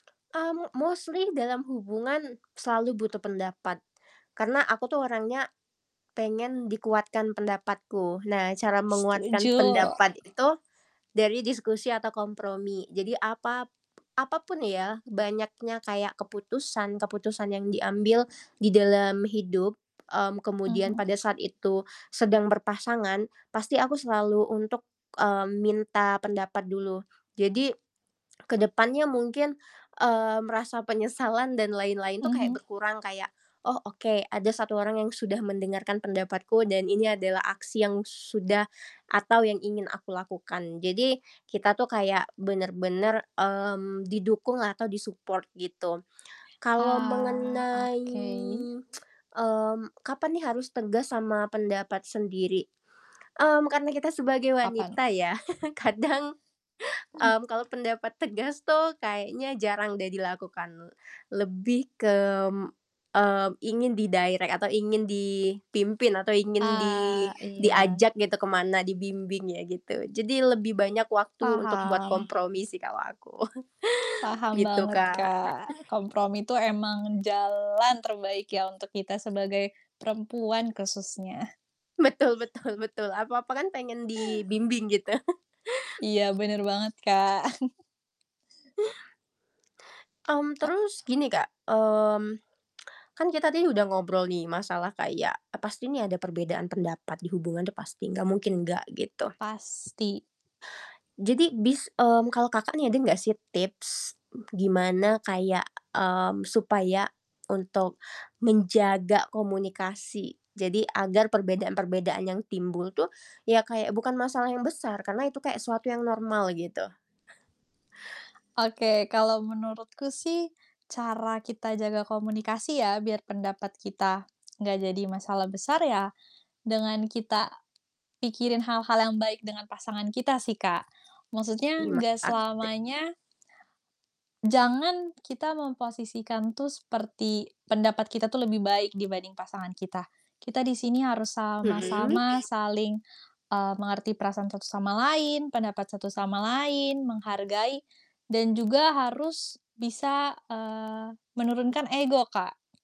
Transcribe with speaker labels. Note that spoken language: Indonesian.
Speaker 1: Mmm, mostly dalam hubungan selalu butuh pendapat, karena aku tuh orangnya pengen dikuatkan pendapatku. Nah, cara menguatkan
Speaker 2: Setuju.
Speaker 1: pendapat itu dari diskusi atau kompromi. Jadi, apap apapun ya, banyaknya kayak keputusan-keputusan yang diambil di dalam hidup, mmm, kemudian
Speaker 2: Mhm.
Speaker 1: pada saat itu sedang berpasangan, pasti aku selalu untuk, mmm, minta pendapat dulu. Jadi, ke depannya mungkin, mmm, rasa penyesalan dan lain-lain tuh kayak
Speaker 2: Mhm.
Speaker 1: berkurang kayak, "Oh oke, ada 1 orang yang sudah mendengarkan pendapatku dan ini adalah aksi yang sudah atau yang ingin aku lakukan." Jadi, kita tuh kayak bener-bener, mmm, didukung atau di-support gitu. Kalau
Speaker 2: Ah,
Speaker 1: mengenai,
Speaker 2: oke.
Speaker 1: mmm, kapan nih harus tegas sama pendapat sendiri, mmm, karena kita sebagai
Speaker 2: Kapan?
Speaker 1: wanita ya, kadang, mmm, kalau pendapat tegas tuh kayaknya jarang deh dilakukan, lebih ke, mmm, ingin di-direct atau ingin dipimpin atau ingin di
Speaker 2: Ah, iya.
Speaker 1: diajak gitu ke mana, dibimbing ya gitu. Jadi lebih banyak waktu untuk buat
Speaker 2: Paham.
Speaker 1: kompromi sih kalau aku,
Speaker 2: Paham
Speaker 1: gitu
Speaker 2: banget
Speaker 1: Kak.
Speaker 2: Kak, kompromi itu emang jalan terbaik ya, untuk kita sebagai perempuan khususnya.
Speaker 1: Betul betul betul. Apa-apa kan pengen dibimbing gitu.
Speaker 2: Iya, bener banget Kak.
Speaker 1: Mmm,
Speaker 2: Kak
Speaker 1: terus gini Kak, mmm, kan kita dih udah ngobrol nih masalah kayak, e pasti nih ada perbedaan pendapat di hubungan tuh pasti, nggak mungkin enggak gitu.
Speaker 2: Pasti.
Speaker 1: Jadi bis mmm, kalau Kakak nih ada nggak sih, tips gimana kayak, mmm, supaya untuk menjaga komunikasi, jadi agar perbedaan-perbedaan yang timbul tuh, ya kayak bukan masalah yang besar, karena itu kayak suatu yang normal gitu?
Speaker 2: Oke, kalau menurutku sih cara kita jaga komunikasi ya, biar pendapat kita enggak jadi masalah besar ya, dengan kita pikirin hal-hal yang baik dengan pasangan kita sih Kak, maksudnya
Speaker 1: Terima
Speaker 2: nggak
Speaker 1: kasih.
Speaker 2: selamanya Jangan kita memposisikan tuh seperti pendapat kita tuh lebih baik dibanding pasangan kita. Kita di sini harus
Speaker 1: Hmm.
Speaker 2: sama-sama saling, eee, mengerti perasaan satu sama lain, pendapat satu sama lain, menghargai dan juga harus bisa, eee, menurunkan ego Kak.